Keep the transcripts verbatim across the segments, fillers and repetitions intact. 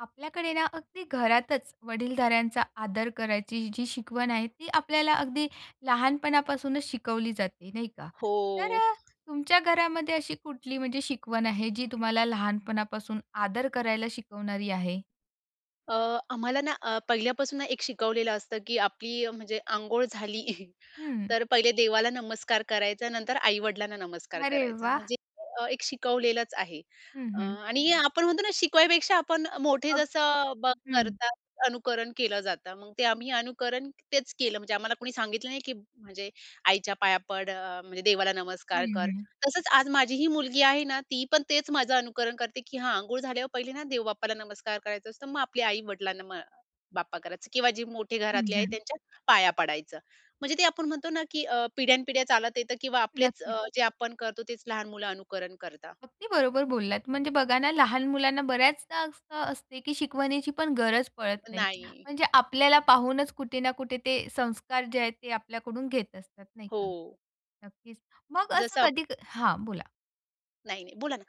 आपल्याकडे ना, अगदी घरातचं वडीलधाऱ्यांचा आदर करायची जी शिकवण आहे. ती आपल्याला अगदी लहानपणापासूनचं शिकवली जाते ,नाही का? तर हो. अ, तुमच्या घरामध्ये अशी कुठली म्हणजे शिकवण आहे? जी तुम्हाला लहानपणापासून आदर करायला शिकवणारी आहे. अ, आम्हाला ना, अ, पहिल्यापासून एक शिकवलेलं असतं, की आपली म्हणजे अंघोळ झाली, हं. तर पहिले देवाला नमस्कार करायचा नंतर आई-वडिलांना नमस्कार अरे करायचा. वाह! म्हणजे अ, एक शिकवलेलच आहे. हं, अ, हं. आणि आपण म्हणतो ना शिकवण्यापेक्षा आपण मोठे अगदीच. जसं बग हं. करतात अनुकरण केलं जातं. मग ते आम्ही अनुकरण तेचं केलं. म्हणजे आम्हाला कोणी सांगितलं नाही, की म्हणजे आईच्या पाया पड, अ, म्हणजे देवाला नमस्कार हं, कर. हं. तसचं आज माझीही मुलगी आहे ना, ती पण तेच माझं अनुकरण करते की "हां, अंघोळ झाल्यावर पहिले ना, देव बाप्पाला नमस्कार करायचा असतो, मग आपली आई-वडिलांना म अ, बाप्पा करायचं किंवा जे मोठे हं, घरातले आहेत हं. त्यांच्या पाया पडायचं." म्हणजे ते आपण म्हणतो ना, की अ, पिढ्यानपिढ्या चालत येतं किंवा आपलेचं नक्कीच. अ, जे आपण करतो, तेच लहान मुलं अनुकरण करतात. अगदी बरोबर बोललात. म्हणजे बघा ना, लहान मुलांना बऱ्याचदा असं असते, की शिकवण्याची पण गरज पडत नाही. नाही. म्हणजे आपल्याला पाहूनच कुठे ना कुठे ते संस्कार जे आहेत ते आपल्याकडून घेत असतात, नाही का. हो. नक्कीच, मग असं जसं आप कधी हां, बोला. नाही, नाही. बोला ना.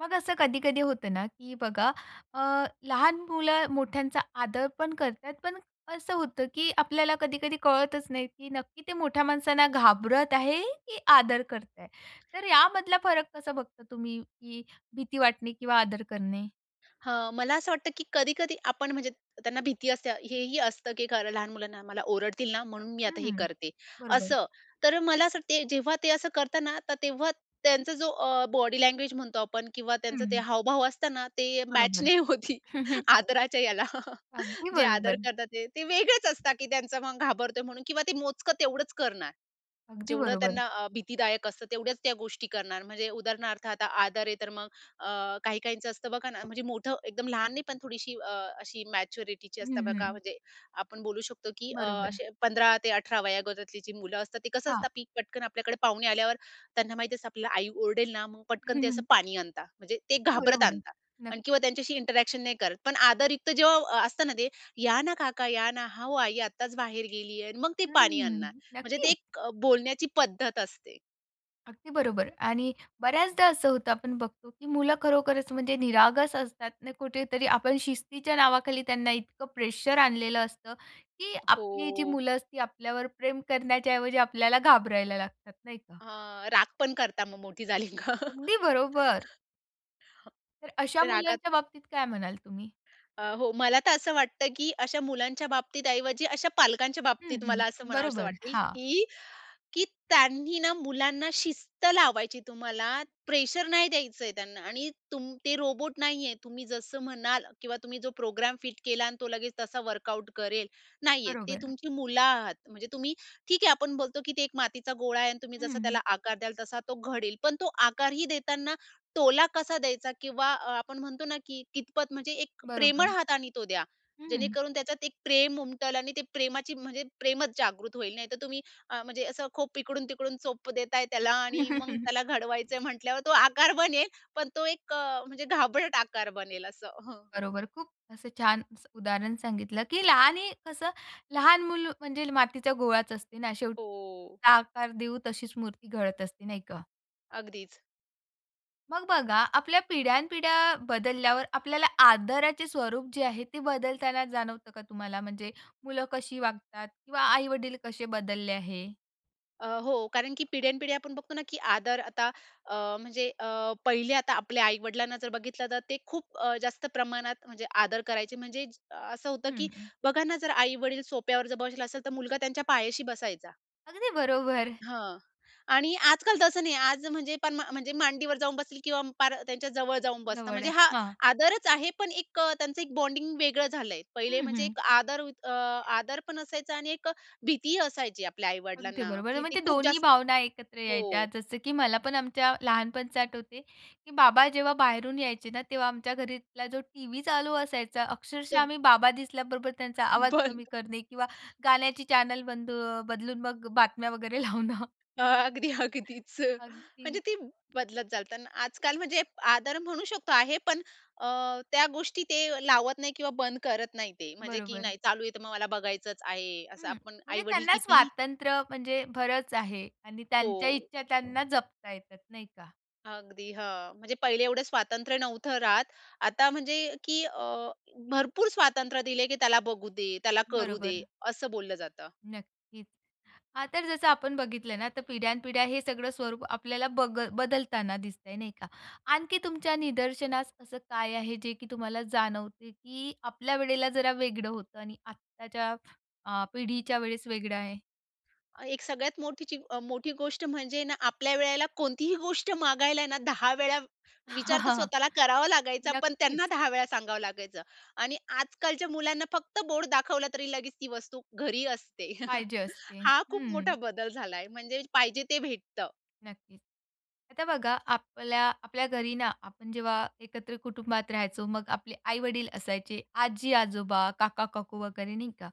मग असं कधी-कधी होतं ना, की बघा अ, लहान मुलं मोठ्यांचा आदरप ण करतात पण असं होतं, की आपल्याला कधी-कधी कळतच नाही, की नक्की ते मोठ्या माणसांना घाबरत आहे, की आदर करताय. तर यामधला फरक कसा बघता तुम्ही, की भीती वाटणे किंवा आदर करणे? हं. मला असं वाटतं, की कधी-कधी आपण म्हणजे त त्यांना भीती असते हे ही असतं, की खरं लहान मुलांना, "मला ओरडतील ना म्हणून मी आता हे हं. करते," बरोबर. असं. तर मला असं वाटते जेव्हा ते असं करतात ना तर तेव्हा त्यांचा जो अ, बॉडी लँग्वेज म्हणतो आपण किंवा त्यांचं ते हं. हावभाव असताना ते मॅच बरोबर. नाही होती. आदराच्या ह्याला. अगदी जे आदर बरोबर. करतात ते. ते वेगळेच असतात, की त्यांचं मग घाबरतोय म्हणून किंवा ते मोजकं तेवढंच करणार. अगदी जेवढं बरोबर. त्यांना अ, भीतीदायक असतं तेवढ्याच त्या गोष्टी करणार म्हणजे उदाहरणार्थ आता आदर आहे तर मग अ, काही काहींचं असतं बघा ना म्हणजे मोठं एकदम लहान नाही पण थोडीशी अ, अ, अशी मॅच्युरिटीची असतं हं, बघा हं. म्हणजे आपण बोलू शकतो, की अ, बरोबर. असे पंधरा ते अठरा वयोगटातली जी मुलं असतात ते कसं हां. असतात पि पटकन आपल्याकडे पाहुणे आल्यावर त्यांना माहिती असतं आपल्याला आई ओरडेल ना, मग पटकन ते असं पाणी आणतात, म्हणजे ते हां, घाबरत बरोबर. आणतात आणि नक्कीच. किंवा त्यांच्याशी इंटरॅक्शन नाही करत. पण आदरयुक्त जेव्हा अ, असतं ना ते, "या ना काका. या ना. हां हो, आई आत्ताच बाहेर गेली आहे" आणि मग ते पाणी आणणार. हम्म, म्हणजे ते नक्कीच! एक बोलण्याची पद्धत असते. अगदी बरोबर आणि बऱ्याचदा असं होतं आपण बघतो, की मुलं खरोखरच म्हणजे निरागस असतात आणि कुठेतरी आपण शिस्तीच्या नावाखाली त्यांना इतकं प्रेशर आणलेलं असतं, की आपली जी हो. मुलं असतील आपल्यावर प्रेम करण्याच्या ऐवजी आपल्याला घाबरायला लागतात, नाही का? अ, राग पण करता मग मोठी झाली का अगदी बरोबर. तर अशा रागात मुलांच्या बाबतीत काय म्हणाल तुम्ही? अ, हो मला तर असं वाटतं, की अशा मुलांच्या बाबतीत ऐवजी अशा पालकांच्या हं, बाबतीत मला असं हं. म्हणावसं बरोबर. वाटेल, हां. की की त्यांनी ना मुलांना शिस्त लावायची तुम्हाला, प्रेशर नाही द्यायचंय त्यांना आणि तुम ते रोबोट नाहीये. तुम्ही जसं म्हणाल किंवा तुम्ही जो प्रोग्राम फिट केला आणि तो लगेच तसा वर्कआउट करेल, नाहीये. ते बरोबर. तुमची मुलं आहात, म्हणजे तुम्ही ठीक आहे आपण बोलतो की ते एक मातीचा गोळा आहे आणि तुम्ही जसा हं. त्याला आकार द्याल तसा तो घडेल. पण तो आकारही देतांना टोला कसा द्यायचा किंवा आपण म्हणतो ना, की कितपत म्हणजे एक बरोबर. प्रेमळ हातानी तो द्या. हं. जेणेकरून त्याच्यात एक प्रेम उमटेल आणि ते प्रेमाची म्हणजे, प्रेमच जागृत होईल नाहीतर तुम्ही, अ, म्हणजे असं खूप इकडून-तिकडून चोप देताय त्याला हं, आणि हं, मग हं. त्याला घडवायचंय म्हटल्यावर तो आकार बनेल, पण तो एक म्हणजे घाबरट आकार बनेल असं हं. बरोबर. खूप असं छान स उदाहरण सांगितलं, की लहान कसं लहान मुलं म्हणजे मातीच्या गोळाच असते ना शेवटी हो. [unintelligible] आकार देऊ तशीच मूर्ती घडत असते, नाही का? अगदीच. मग बघा, आपल्या पिढ्यानपिढ्या बदलल्यावर आपल्याला आदराचे स्वरूप जे आहे ते बदलताना जाणवतं का तुम्हाला? म्हणजे मुलं कशी वागतात किंवा आई-वडील कसे बदलले आहे? अ, हो. कारण की पिढ्यानपिढ्या आपण बघतो ना, की आदर आता अ, म्हणजे अ पहिले आता आपल्या आई-वडिलांना जर बघितलं तर ते खूप अ, जास्त प्रमाणात म्हणजे आदर करायचे, म्हणजे असं होतं की हं, हं. बघा ना, जर आई-वडील सोफ्यावर जर बसेल असेल तर मुलगा त्यांच्या पायाशी बसायचा. अगदी बरोबर. हां. आणि आजकाल तसं नाही आज म्हणजे पण म्हणजे मांडीवर जाऊन बसतील किंवा पार त्यांच्याजवळ जाऊन बसतात. जवळ म्हणजे आहे. हा हां. आदरच आहे, पण एक त्यांचं एक बॉन्डिंग वेगळं झालंय. पहिले हं, म्हणजे हं. एक आदर युक अ, आदर पण असायचा आणि एक अ, भीतीही असायची आपल्या अगदी आई-वडिलांना, बरोबर. की ते म्हणजे ते खूप दोन्ही जास्त भावना एकत्र यायच्या हो. जसं की मला पण आमच्या लहानपणच आठवते, की बाबा जेव्हा बाहेरून यायचे ना तेव्हा आमच्या घरातला जो टीव्ही चालू असायचा, अक्षरशः तो आम्ही बाबा दिसल्याबरोबर त्यांचा आवाज कमी बंद. करणे किंवा गाण्याची चॅनल बंद अ, बदलून मग अ, बातम्या वगैरे लावणं. अगदी, अगदीच. अगदी. म्हणजे ते बदलत चालतं. आजकाल म्हणजे आदर म्हणू शकतो आहे, पण अ, त्या गोष्टी ते लावत नाही किंवा बंद करत नाही ते म्हणजे की बरोबर. "नाही, चालू आहे, तर मग मला बघायचंच आहे," हं. असं. आपण म्हणजे आई-वडील त्यांना कितीही स्वातंत्र्य म्हणजे बरंच आहे आणि त्यांच्या हो. इच्छा त्यांना जपता येतात, नाही का. अगदी, हां. म्हणजे पहिले एवढे स्वातंत्र्य नव्हतं राहत. आता म्हणजे, की अ, भरपूर स्वातंत्र्य दिले की त्याला बघू दे, त्याला करू दे, बरोबर. असं बोललं जातं. नक्कीच. हां, तर जसं आपण बघितलं ना तर पिढ्यानपिढ्या हे सगळं स्वरूप आपल्याला बगल बदलताना दिसतंय नाही का. आणखी तुमच्या निदर्शनास असं काय आहे जे की तुम्हाला जाणवते की आपल्या वेळेला जरा वेगळं होतं आणि आत्ताच्या अ, पिढीच्या वेळेस वेगळं आहे? अ, एक सगळ्यात मोठीची अ, मोठी गोष्ट म्हणजे ना, आपल्या वेळेला कोणतीही गोष्ट मागायला ना, दहा वेळा विचार तर स्वतःला करावा लागायचा पण त्यांना नक्कीच. दहा वेळा सांगावं लागायचं आणि आजकालच्या मुलांना फक्त बोर्ड दाखवला तरी लगेच ती वस्तू घरी असते. पाहिजे असते. हा खूप मोठा हं. बदल झालाय म्हणजे पाहिजे ते भेटतं. नक्कीच. आता बघा, आपल्या आपल्या घरी ना, आपण जेव्हा एकत्र कुटुंबात राहायचो, मग आपले आई-वडील असायचे, आजी-आजोबा, काका-काकू वगैरे नाही का.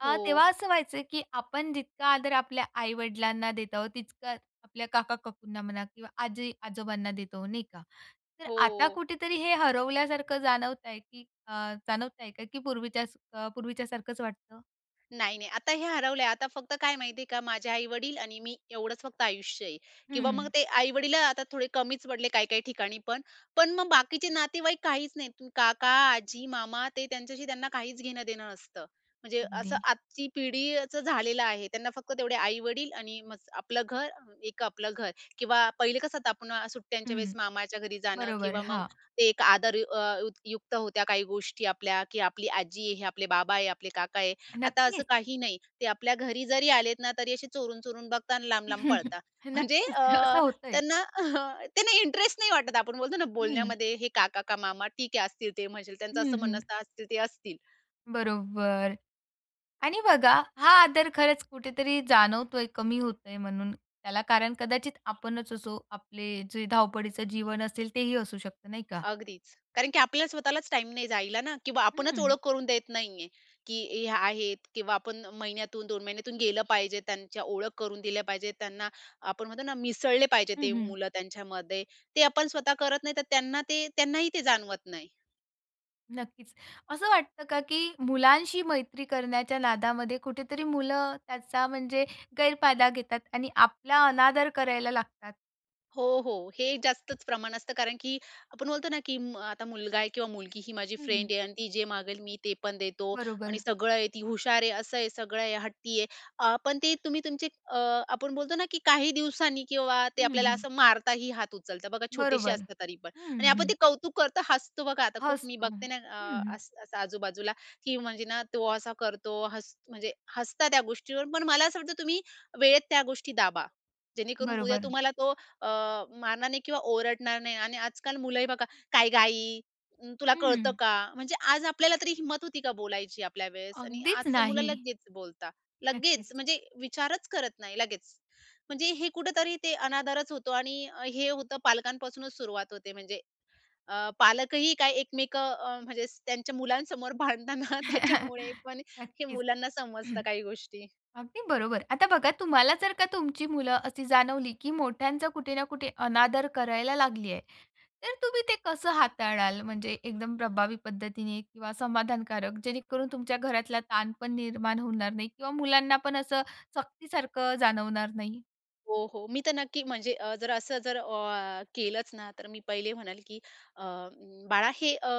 अ, हो. तेव्हा असं व्हायचं की आपण जितका आदर आपल्या आई-वडिलांना देत आहोत, तितका आपल्या काका-काकूंना म्हणा किंवा आजी-आजोबांना देत आहोत नाही का? तर आता हो. कुठेतरी हे हरवल्यासारखं जाणवताय की अ, जाणवताय का? की पूर्वीच्या अ, पूर्वीच्यासारखंच वाटतं? नाही, नाही, आता हे हरवलंय. आता फक्त काय माहितीये का? माझे आई-वडील आणि मी एवढंच फक्त आयुष्य आहे. किंवा मग हं. ते आई-वडीलं आता थोडे कमीचं पडले काही काही ठिकाणी पण. पण मग बाकीचे नातेवाईक काहीचं नाहीत. तू काका, आजी, मामा ते त्यांच्याशी त्यांना काहीचं घेणं-देणं नसतं. म्हणजे असं अगदी. आजची पिढी अ, ...चं झालेलं आहे. त्यांना फक्त तेवढे आई-वडील आणि मग आपलं घर एक आपलं घर किंवा पहिले कसं आता आपण अ, सुट्ट्यांच्या वेळेस हं. मामाच्या घरी जाणं बरोबर, किंवा मग हां. ते एक आदर अ, युक्त होत्या काही गोष्टी आपल्या की आपली आजी आहे, हे आपले बाबा आहे, आपले काका आहे आता असं नक्कीच. काही नाही. ते आपल्या घरी जरी आलेत ना तरी असे चोरून-चोरून बघतात लांब-लांब पळतात. म्हणजे अ, नक्कीच, असं होतंय. त्यांना अ, त्यांना इंटरेस्ट नाही वाटत आपण बोलतो ना हं. बोलण्यामध्ये हे काका का मामा ठीक आहे असतील ते म्हसेल त्यांचं हं, असं म्हणणं हं. असतील ते असतील. बरोबर. आणि बघा हा आदर खरंच कुठेतरी जाणवतोय कमी होतोय म्हणून त्याला कारण कदाचित आपणचं असू आपले जे धावपळीचं जीवन असेल तेही असू शकतं नाही का? अगदीच. कारण की आपल्याला स्वतःलाच टाईम नाही जायला ना की आपणचं ओळख हं. करून देत नाहीये. की हे आहेत किंवा आपण महिन्यातून दोन महिन्यातून गेलं पाहिजे, त्यांच्या ओळख करून दिल्या पाहिजेत, त्यांना आपण म्हणतो ना मिसळले पाहिजे हं, ते हं. मुलं त्यांच्यामध्ये. ते आपण स्वतः करत नाही, तर त्यांना ते त्यांनाही ते जाणवत नाही. नक्कीच. असं वाटतं का की मुलांशी मैत्री करण्याच्या नादामध्ये कुठेतरी मुलं त्याचा म्हणजे गैरफायदा घेतात आणि आपला अनादर करायला लागतात? हो, हो, हे जास्तच प्रमाण असतं. कारण की आपण बोलतो ना, की म आता मुलगा आहे किंवा मुलगी ही माझी हं, हं. फ्रेंड आहे आणि ती जे मागेल, मी ते पण देतो आणि बरोबर. सगळं आहे, ती हुशार आहे, असं आहे, सगळं आहे, हट्टी आहे. अ, पण ते तुम्ही तुमचे अ, आपण बोलतो ना, की काही दिवसांनी किंवा ते हं, आपल्याला हं. असं मारतातही हात उचलता बघा, छोटेसे बरोबर. असतात तरी पण. आणि हं, आपण हं. ते कौतुक करतो, हसतो बघा, आता खूप मी हसतो. बघते ना, हं, अ, हं. असं आजूबाजूला की म्हणजे ना, तो असा करतो हस म्हणजे हसता त्या गोष्टीवर. पण मला असं वाटतं तुम्ही वेळेत त्या गोष्टी दाबा. जेणेकरून उद्या बरोबर. तुम्हाला तो अ, मारणार नाही किंवा ओरडणार नाही आणि आजकाल मुलंही बघा, "काय ग आई? अ, तुला कळतं हं. का?" म्हणजे आज आपल्याला तरी हिम्मत होती का बोलायची आपल्यावेळेस? आणि अगदीच, आजचं मुलं नाही. लगेच बोलतात. लगेच. नक्कीच. म्हणजे विचारच करत नाही लगेच. म्हणजे हे कुठेतरी ते अनादरच होतो. आणि हे होतं पालकांपासूनच सुरुवात होते म्हणजे अ, पालकही काही एकमेकं अ, म्हणजे त्यांच्या मुलांसमोर भांडतात ना त्याच्यामुळे पण हे नक्कीच. मुलांना समजतं काही गोष्टी. अगदी बरोबर. आता बघा तुम्हाला जर का तुमची मुलं अशी जाणवली, की मोठ्यांचा कुठे ना कुठे अनादर करायला लागली आहे, तर तुम्ही ते कसं हाताळाल म्हणजे एकदम प्रभावी पद्धतीने किंवा समाधानकारक जेणेकरून तुमच्या घरातला ताण पण निर्माण होणार नाही किंवा मुलांना पण असं सक्तीसारखं जाणवणार नाही? हो, हो. मी तर नक्की म्हणजे अ, जर असं जर अ, केलंच ना तर मी पहिले म्हणंल की, "अ, बाळा हे अ,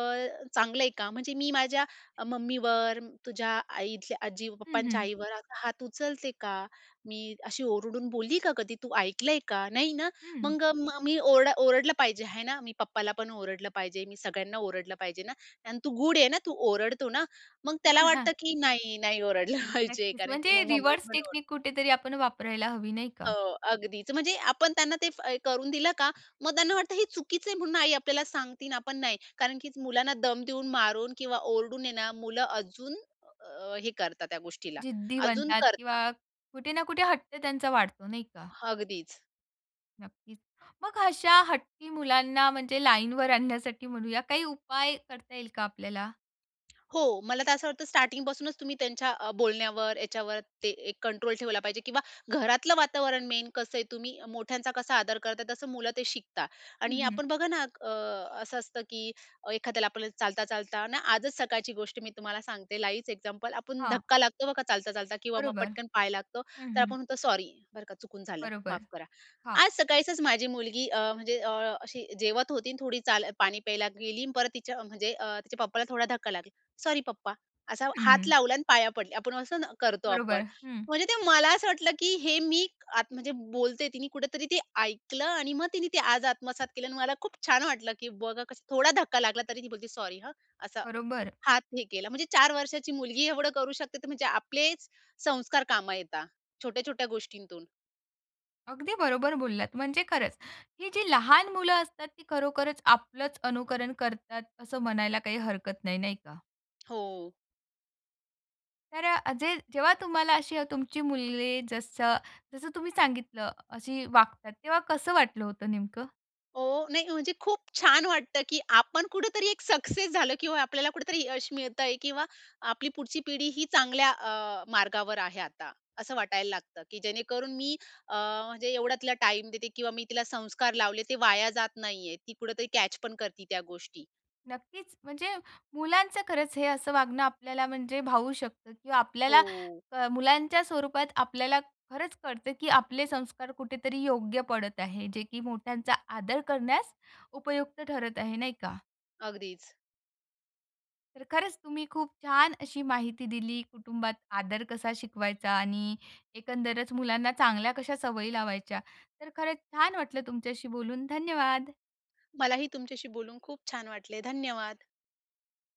चांगलं आहे का? म्हणजे मी माझ्या मम्मीवर, तुझ्या आई इथल्या आजी हं, पप्पांच्या हं. आईवर, आता हात उचलते का? मी अशी ओरडून बोलली का कधी? तू ऐकलंय का, नाही ना. हं. मग मी ओर ओरडलं पाहिजे आहे ना? मी पप्पाला पण ओरडलं पाहिजे, मी सगळ्यांना ओरडलं पाहिजे ना? आणि तू गुड आहे ना? तू ओरडतो ना?" मग अ, त्याला हां. वाटतं, की नाही, नाही ओरडलं पाहिजे. नक्कीच कारण की म्हणजे मग मम्मी रिवॉर्ड्स पण ओरडेल. टेक्निक कुठेतरी आपण वापरायला हवी नाही का? हो अगदीच. म्हणजे आपण त्यांना ते करून दिलं का, मग त्यांना वाटतं हे चुकीच आहे म्हणून आई आपल्याला सांगतेय आणि आपण नाही, कारण की मुलांना दम देऊन, मारून किंवा ओरडून आहे ना मुलं अजून अ, हे करतात त्या गोष्टीला, जिद्दी अजून बनतात करता किंवा कुठे ना कुठे हट्ट त्यांचा वाढतो नाही का? अगदीच. नक्कीच. मग अशा हट्टी मुलांना म्हणजे लाईनवर आणण्यासाठी म्हणूया, काही उपाय करता येईल का आपल्याला? हो. मला तर असं वाटतं स्टार्टिंग पासूनच तुम्ही त्यांच्या अ, बोलण्यावर, याच्यावर ते एक कंट्रोल ठेवला पाहिजे. किंवा घरातलं वातावरण मेन कसं आहे, तुम्ही मोठ्यांचा कसा आदर करता तसं मुलं ते शिकतात. हं, आणि हं. आपण बघा ना अ, असं असतं अ, की एखाद्याला आपण चालता-चालताना आजच सकाळची गोष्ट मी तुम्हाला सांगते लाईव्हच एक्झाम्पल. आपण हां. धक्का लागतो बघा चालता, चालता किंवा मग बरोबर. पटकन पाय लागतो, हं, तर हं. आपण म्हणतो, "सॉरी, बरं का चुकून झालं. माफ बरोबर. करा." हां. आज सकाळीसच माझी मुलगी अ, म्हणजे अशी, जेवत होती आणि थोडी चाल पाणी प्यायला गेली आणि परत तिच्या म्हणजे अ, तिच्या पप्पाला थोडा धक्का लागला. सॉरी पप्पा असा हं, हात हं. लावला आणि पाया पडली. आपण असं ना करतो आपण, बरोबर, हं. म्हणजे ते मला असं वाटलं, की हे मी आत म्हणजे बोलते तिने कुठेतरी ते ऐकलं आणि मग तिनी ते आज आत्मसात केलं. आणि मला खूप छान वाटलं, की बघा कसं थोडा धक्का लागला, तरी ती बोलते सॉरी हं, असं बरोबर. हात हे केला. म्हणजे चार वर्षाची मुलगी एवढं करू शकते तर म्हणजे आपलेच संस्कार काम येता छोट्या-छोट्या गोष्टींतून. अगदी बरोबर बोललात. म्हणजे खरंच ही जी लहान मुलं असतात ती खरोखरच आपलंच अनुकरण करतात असं म्हणायला काही हरकत नाही. नाही का? हो. तर अ, जे जेव्हा तुम्हाला अशी तुमची मुले जसं जसं तुम्ही सांगितलं अशी वागतात तेव्हा कसं वाटलं होतं नेमकं? हो, नाही म्हणजे खूप छान वाटतं की आपण कुठेतरी एक सक्सेस झालं किंवा आपल्याला कुठेतरी यश मिळतंय किंवा आपली पुढची पिढी ही चांगल्या अ, मार्गावर आहे आता. असं वाटायला लागतं. की जेणेकरून मी अ, म्हणजे एवढा तिला टाईम देते किंवा मी तिला संस्कार लावले ते वाया जात नाहीये. ती कुठेतरी कॅच पण करती त्या गोष्टी. नक्कीच. म्हणजे मुलांचं खरंच हे असं वागणं आपल्याला म्हणजे भावू शकतं किंवा आपल्याला हो. अ, मुलांच्या स्वरूपात आपल्याला खरंच कळतं की आपले संस्कार कुठेतरी योग्य पडत आहे जे की मोठ्यांचा आदर करण्यास उपयुक्त ठरत आहे. नाही का? अगदीच. तर खरंच तुम्ही खूप छान अशी माहिती दिली. कुटुंबात आदर कसा शिकवायचा आणि एकंदरच मुलांना चांगल्या कशा सवयी लावायच्या. तर खरंच छान वाटलं तुमच्याशी बोलून, धन्यवाद. मलाही तुमच्याशी बोलून खूप छान वाटले, धन्यवाद.